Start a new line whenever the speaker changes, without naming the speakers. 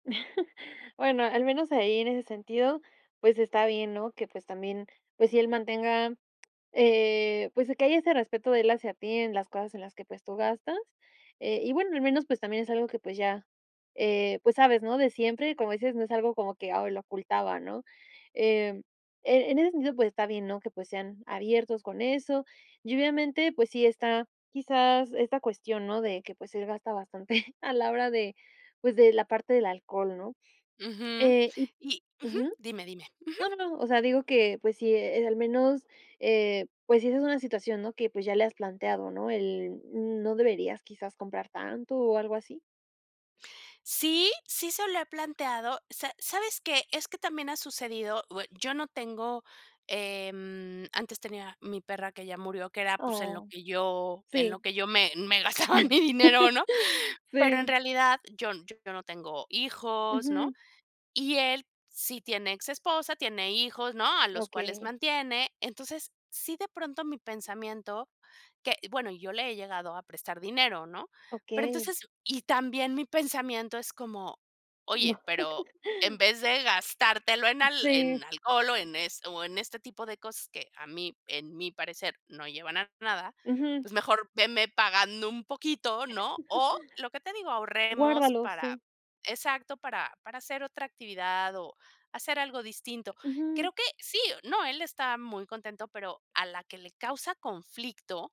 Bueno, al menos ahí en ese sentido, pues, está bien, ¿no? Que, pues, también, pues sí, él mantenga, eh, pues, que haya ese respeto de él hacia ti en las cosas en las que, pues, tú gastas, eh, y, bueno, al menos, pues, también es algo que, pues, ya, eh, pues sabes, ¿no?, de siempre, como dices, no es algo como que, ah, lo ocultaba, ¿no? Em, en en ese sentido, pues está bien, ¿no?, que, pues, sean abiertos con eso y, obviamente, pues sí está quizás esta cuestión, ¿no?, de que, pues, él gasta bastante a la hora de, pues, de la parte del alcohol, ¿no?
Ujú,
Eh, y
y ujú,
ujú.
dime, dime, ujú.
No, no, no, o sea, digo que, pues sí, eh, al menos, eh, pues, sí esa es una situación, ¿no?, que, pues, ya le has planteado, ¿no?, el: "No deberías, quizás, comprar tanto" o, ¿algo así?
Sí, sí se lo he planteado, ¿sa sabes qué? Es que también ha sucedido, bue yo no tengo, em, antes tenía mi perra que ya murió, que era, pues, en lo
Oh.
que yo en
Sí,
lo que yo me me gastaba mi dinero, ¿no? Pero en
sí.
realidad yo yo no tengo hijos, ¿no?
Ujú.
Y él sí tiene exesposa, tiene hijos, ¿no? A los cuales
Okey.
mantiene. Entonces sí, de pronto mi pensamiento, que, bueno, yo le he llegado a prestar dinero, ¿no? Pero
Okey.
entonces, y también mi pensamiento es como, oye, pero en vez de gastártelo en al en
Sí.
alcohol o en es o en este tipo de cosas que a mí en mi parecer no llevan a nada,
Ujú.
pues, mejor veme pagando un poquito, ¿no? O lo que te digo, ahorremos
Guárdalo,
para
sí.
exacto, para para hacer otra actividad o hacer algo distinto.
Ujú.
Creo que sí, no, él está muy contento, pero a la que le causa conflicto.